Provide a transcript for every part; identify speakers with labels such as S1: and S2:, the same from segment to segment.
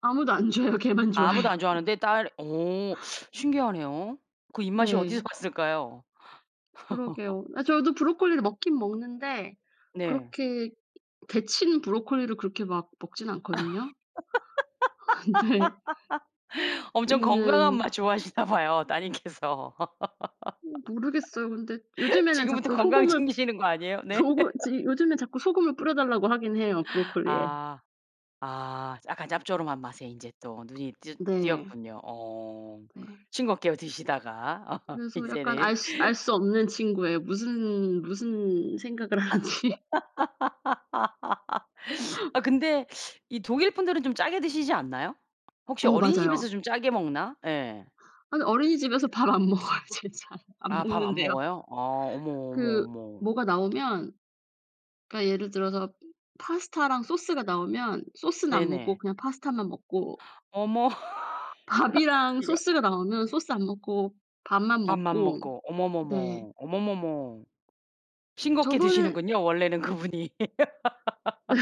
S1: 아무도 안 좋아해요. 걔만
S2: 아무도
S1: 좋아해요.
S2: 안 좋아하는데 딸 어 신기하네요. 그 입맛이 어디서
S1: 네.
S2: 왔을까요?
S1: 그러게요. 아 저도 브로콜리를 먹긴 먹는데
S2: 네.
S1: 그렇게 데치는 브로콜리를 그렇게 막 먹진 않거든요. 근데
S2: 엄청 건강한
S1: 얘는
S2: 맛 좋아하시나 봐요 따님께서.
S1: 어 모르겠어요. 근데 요즘에는
S2: 지금부터
S1: 자꾸
S2: 건강
S1: 소금을
S2: 챙기시는 거 아니에요, 네?
S1: 조금 지 요즘에 자꾸 소금을 뿌려달라고 하긴 해요, 브로콜리에.
S2: 아. 아 약간 짭조름한 맛에 인제 또 눈이 띄
S1: 네.
S2: 띄었군요. 어.
S1: 네.
S2: 싱겁게요 드시다가
S1: 그래서 약간 알
S2: 이제는.
S1: 수 알 수 없는 친구예요. 무슨 무슨 생각을 하는지.
S2: 아 근데 이 독일 분들은 좀 짜게 드시지 않나요? 혹시
S1: 어
S2: 어린이집에서
S1: 맞아요.
S2: 좀 짜게 먹나? 예.
S1: 아니 어린이집에서 밥 안 먹어요. 쟤 잘 안
S2: 아 밥 안
S1: 먹는데요.
S2: 먹어요? 아 어머, 어머,
S1: 그
S2: 어머.
S1: 뭐가 나오면 그니까 예를 들어서 파스타랑 소스가 나오면 소스는 안 먹고
S2: 네네.
S1: 그냥 파스타만 먹고
S2: 어머.
S1: 밥이랑
S2: [unintelligible]
S1: 소스가 나오면 소스 안 먹고 밥만
S2: 밥만
S1: 먹고.
S2: 먹고
S1: 네.
S2: 어머머머, 어머머머. 싱겁게
S1: 저번에
S2: 드시는군요, 원래는 그분이.
S1: 네.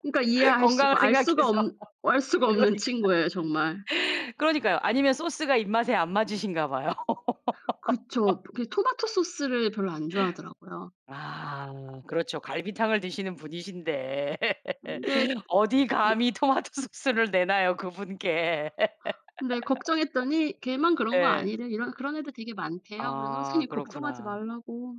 S1: 그니까 이해할
S2: 건강을
S1: 수가 알 수가
S2: 생각해서.
S1: 없 알 수가 없는
S2: 그러니까
S1: 친구예요, 정말.
S2: 그러니까요. 아니면 소스가 입맛에 안 맞으신가 봐요.
S1: 그쵸. 그 토마토소스를 별로 안 좋아하더라고요.
S2: 아 그렇죠 갈비탕을 드시는 분이신데
S1: 근데
S2: 어디
S1: 이
S2: 감히 토마토소스를 내놔요, 그분께.
S1: 근데 걱정했더니 걔만 그런 거
S2: 예.
S1: 아니래 이런 그런 애들 되게 많대요. 그래서
S2: 아
S1: 선생님 걱정하지
S2: 그렇구나.
S1: 말라고.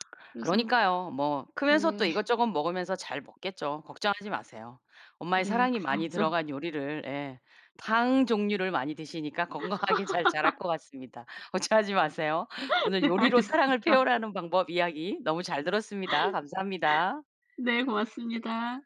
S1: 그래서
S2: 그러니까요. 뭐 크면서 또
S1: 네.
S2: 이것저것 먹으면서 잘 먹겠죠. 걱정하지 마세요. 엄마의
S1: 네
S2: 사랑이 많이
S1: 그래야죠.
S2: 들어간 요리를 예 탕 종류를 많이 드시니까 건강하게 잘 자랄 것 같습니다. 걱정하지 마세요. 오늘
S1: 네
S2: 요리로 사랑을
S1: 알겠습니다.
S2: 표현하는 방법 이야기 너무 잘 들었습니다. 감사합니다.
S1: 네 고맙습니다.